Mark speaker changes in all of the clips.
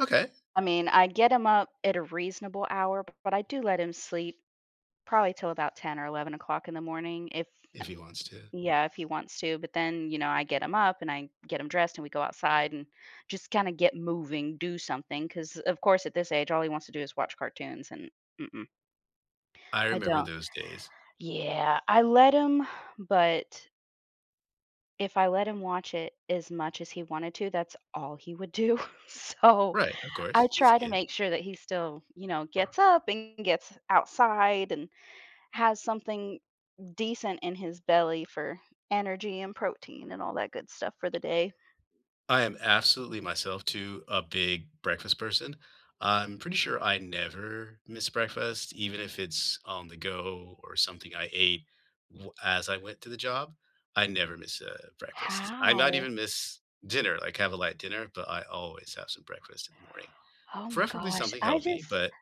Speaker 1: Okay.
Speaker 2: I mean, I get him up at a reasonable hour, but I do let him sleep probably till about 10 or 11 o'clock in the morning if eh
Speaker 1: If he wants to.
Speaker 2: Yeah, if he wants to, but then, you know, I get him up, and I get him dressed and we go outside and just kinda get moving, do something, 'cause of course at this age all he wants to do is watch cartoons and, mm-mm.
Speaker 1: I
Speaker 2: I
Speaker 1: remember
Speaker 2: don't.
Speaker 1: those days.
Speaker 2: Yeah, I let him, but if I let him watch it as much as he wanted to, that's all he would do, so
Speaker 1: Right, of
Speaker 2: I
Speaker 1: course, he's a
Speaker 2: try to
Speaker 1: kid.
Speaker 2: make sure that he still, you know, gets up and gets outside and has something decent in his belly for energy and protein and all that good stuff for the day.
Speaker 1: I am absolutely myself too a big breakfast person. I'm pretty sure I never miss breakfast, even if it's on the go or something I ate w as I went to the job. I never miss a breakfast, I not
Speaker 2: How?
Speaker 1: even miss dinner, like, have a light dinner, but I always have some breakfast in the morning,
Speaker 2: Oh my
Speaker 1: preferably
Speaker 2: gosh,
Speaker 1: something
Speaker 2: I just
Speaker 1: healthy, but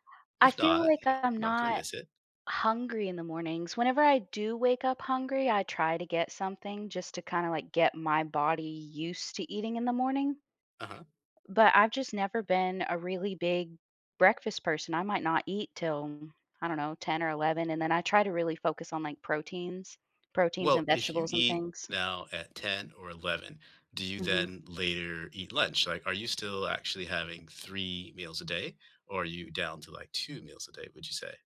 Speaker 2: I
Speaker 1: if
Speaker 2: feel
Speaker 1: not, you
Speaker 2: like
Speaker 1: know,
Speaker 2: I'm
Speaker 1: I'm not gonna
Speaker 2: not
Speaker 1: miss it.
Speaker 2: hungry in the mornings; whenever I do wake up hungry, I try to get something just to kinda, like, get my body used to eating in the morning.
Speaker 1: Uh-huh.
Speaker 2: But I've just never been a really big breakfast person; I might not eat till, I don't know, 10 or 11, and then I try to really focus on, like, proteins proteins
Speaker 1: Well,
Speaker 2: and
Speaker 1: if you
Speaker 2: vegetables and
Speaker 1: eat
Speaker 2: things.
Speaker 1: now at 10 or 11, do you
Speaker 2: Mhm.
Speaker 1: then later eat lunch, like, are you still actually having 3 meals a day, or are you down to, like, 2 meals a day, would you say?